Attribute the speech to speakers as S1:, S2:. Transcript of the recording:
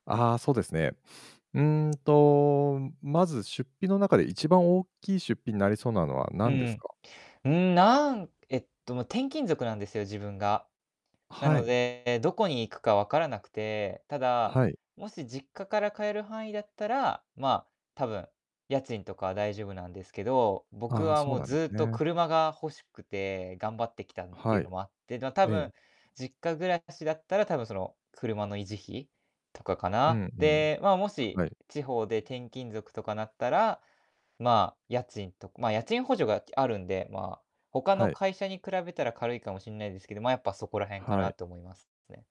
S1: ああ、そうですね。うんと、まず出費の中で一番大きい出費になりそうなのは
S2: う
S1: 何です
S2: ん。
S1: か？
S2: うん、なんえっと、もう転勤族なんですよ自分が。な
S1: は
S2: の
S1: い。
S2: で、どこに行くか分からなくて。ただ、
S1: はい。
S2: もし実家から通える範囲だったら、まあ、多分、家賃とかは大丈夫なんですけど、僕
S1: ああ、
S2: は
S1: そ
S2: も
S1: う
S2: う
S1: なんで
S2: ず
S1: す
S2: っと
S1: ね。
S2: 車が欲しくて頑張ってきたってい
S1: は
S2: う
S1: い。
S2: のもあって、で、だ多
S1: え
S2: 分、
S1: え。
S2: 実家暮らしだったら、多分その車の維持費とかか
S1: う
S2: な。
S1: んうん。
S2: で、まあ、もし
S1: はい。
S2: 地方で転勤族とかなったら、まあ、家賃とまあ、家賃補助があるんで、まあ、他の
S1: はい。
S2: 会社に比べたら軽いかもしんないですけど、まあ、やっぱそこらへんか
S1: は
S2: な
S1: い。
S2: と思いますね。